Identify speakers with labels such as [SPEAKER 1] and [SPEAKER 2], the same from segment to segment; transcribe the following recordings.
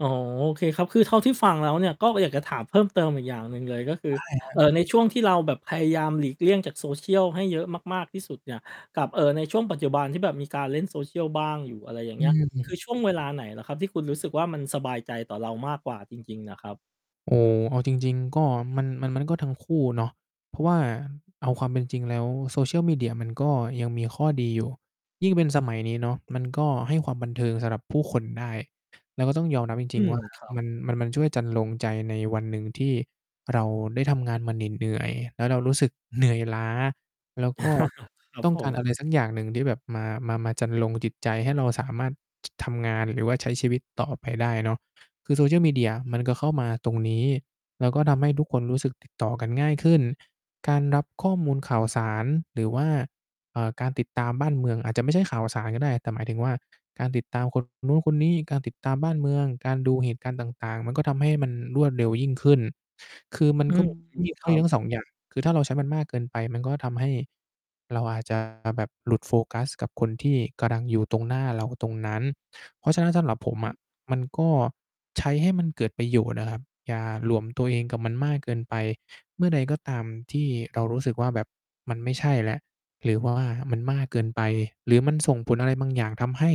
[SPEAKER 1] อ๋อ โอเคครับ คือเท่าที่ฟังแล้วเนี่ยก็อยากจะถามเพิ่มเติมอีกอย่างหนึ่งเลย ก็คื
[SPEAKER 2] ไ
[SPEAKER 1] อ
[SPEAKER 2] ด้ ครั
[SPEAKER 1] เอ
[SPEAKER 2] บ
[SPEAKER 1] ่อ ในช่วงที่เราแบบพยายามหลีกเลี่ยงจาก Social ให้เยอะมาก ๆ ที่สุดเนี่ย กับ เอ่อ ในช่วงปัจจุบันที่แบบมีการเล่น Social บ้างอยู่ อะไรอย่าง
[SPEAKER 2] อ
[SPEAKER 1] เ
[SPEAKER 2] ื
[SPEAKER 1] งี้ย คือ
[SPEAKER 2] ม
[SPEAKER 1] ช่วงเวลาไหนเหรอครับ? ที่คุณรู้สึกว่า มันสบายใจต่อเรามากกว่าจริง ๆ น่ะครับ
[SPEAKER 2] โอ้ เอาจริง ๆ ก็ มัน มัน มันก็ทั้งคู่เนาะ เพราะว่าเอาความเป็นจริงแล้ว Social media มันก็ยังมีข้อดีอยู่ ยิ่งเป็นสมัยนี้เนาะมันก็ให้ความบันเทิงสำหรับผู้คนได้ แล้วก็ต้องยอมรับจ
[SPEAKER 1] อื
[SPEAKER 2] ริง ๆ
[SPEAKER 1] ม
[SPEAKER 2] ว่า
[SPEAKER 1] ครับ
[SPEAKER 2] มัน มัน มันช่วยจรรโลงใจในวันหนึ่งที่เราได้ทำงานมาเหนื่อย ๆ แล้วเรารู้สึกเหนื่อยล้า แล้ว ก็
[SPEAKER 1] ครับ
[SPEAKER 2] ต้อง
[SPEAKER 1] ผ
[SPEAKER 2] การ
[SPEAKER 1] ม
[SPEAKER 2] อะไรสักอย่างหนึ่งที่แบบมา มา มาจรรโลงจิตใจ ให้เราสามารถ จ ทำงานหรือว่าใช้ชีวิตต่อไปได้เนาะ คือ Social media มันก็เข้ามาตรงนี้ แล้วก็ทำให้ทุกคนรู้สึก ติด ต่อกันง่ายขึ้น การรับข้อมูลข่าวสารหรือว่า เอ่อ การติดตามบ้านเมือง อาจจะไม่ใช่ข่าวสารก็ได้ แต่หมายถึงว่า การติดตาม คน นู้นคนนี้ การติดตามบ้านเมือง การดูเหตุการณ์ต่าง ๆ มัน ก็ทำให้มันรวดเร็วยิ่งขึ้น คือมัน
[SPEAKER 1] อื
[SPEAKER 2] ก็
[SPEAKER 1] ม อือ
[SPEAKER 2] มี ข้
[SPEAKER 1] ค
[SPEAKER 2] อ
[SPEAKER 1] ร
[SPEAKER 2] ด
[SPEAKER 1] ั
[SPEAKER 2] ีทั
[SPEAKER 1] บ
[SPEAKER 2] ้ง 2 อย่าง คือถ้าเราใช้มันมากเกินไป มันก็ทำให้เราอาจ จะ แบบหลุดโฟกัสกับคนที่กำลังอยู่ตรงหน้าเรา ตรงนั้น เพราะฉะนั้น สำหรับผมอะมัน ก็ใช้ให้มันเกิดประโยชน์น่ะครับ อย่าหลวมตัวเองกับมันมากเกินไป เมื่อใดก็ตามที่เรารู้สึกว่า แบบมันไม่ใช่แล้ว หรือ ว่า มันมากเกินไป หรือมันส่งผลอะไรบางอย่าง ทำให้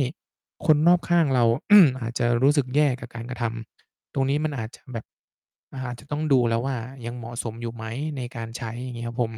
[SPEAKER 2] คนรอบข้างเรา อาจจะรู้สึกแย่กับการกระทำ ตรงนี้ มันอาจจะแบบ อาจจะต้องดูแล้วว่า ยังเหมาะสมอยู่ไหมในการใช้ อย่างงี้ครับผม